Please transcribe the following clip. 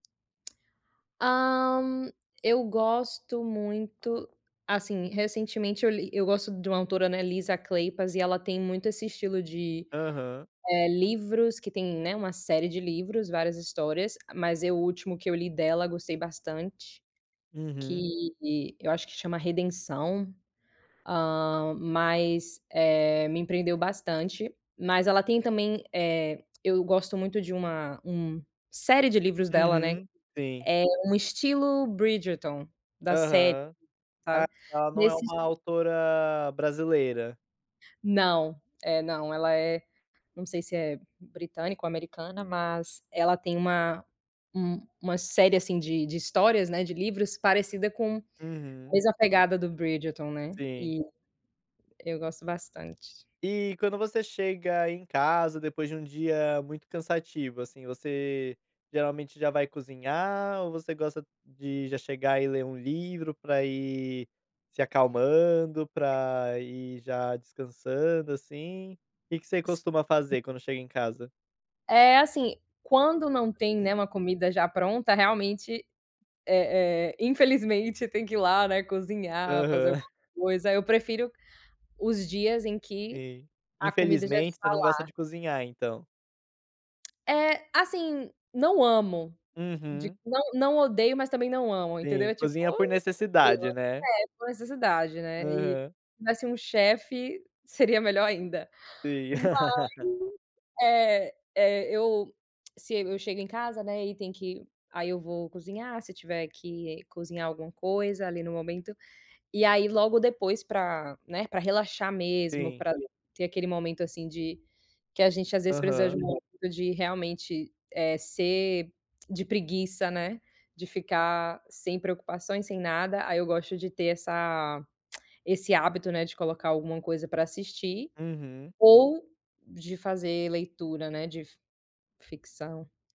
Hã, eu gosto muito assim, recentemente, eu li eu gosto de uma autora Ana Lisa Kleypas e ela tem muito esse estilo de, Aham. eh, livros que tem, né, uma série de livros, várias histórias. Mas é o último que eu li dela gostei bastante, Uhum. que eu acho que chama Redenção, hã, mas, eh, me prendeu bastante. Mas ela tem também, eh, eu gosto muito de uma um série de livros dela, né, Uhum, sim. é um estilo Bridgerton da série, Aham. Ah, sabe, ela não é nesse esti uma autora brasileira? Não, é, não, ela é não sei se é britânica ou americana, mas ela tem uma um uma série, assim, de de histórias, né, de livros parecida com Uhum. mesma pegada do Bridgerton, né. Sim. E eu gosto bastante. E quando você chega em casa depois de um dia muito cansativo, assim, você geralmente já vai cozinhar ou você gosta de já chegar e ler um livro pra ir se acalmando, pra ir já descansando, assim? Que que você S costuma fazer quando chega em casa? É, assim, quando não tem, né, uma comida já pronta, realmente, eh eh, infelizmente tem que ir lá, né, cozinhar, fazer Aham. uma coisa. Eu prefiro os dias em que Sim, a comida já infelizmente está você não gosta lá. de cozinhar então? É, assim, não amo de Uhum. não não odeio, mas também não amo, entendeu. Sim, É, tipo, cozinha por [unintelligible] necessidade, né. é, uma necessidade, né, e Aham. tivesse um chefe seria melhor ainda. Sim. Mas, eh eh, eu se eu chego em casa, né, e tem que aí eu vou cozinhar se tiver que cozinhar alguma coisa ali no momento, e aí logo depois pra, né, pra relaxar mesmo, Sim. pra ter aquele momento, assim, de que a gente às vezes precisa de Aham. um [unintelligible] de realmente, eh, ser de preguiça, né. De ficar sem preocupações, sem nada, aí eu gosto de ter essa esse hábito, né, de colocar alguma coisa pra assistir Uhum. ou de fazer leitura, né, de fic ficção.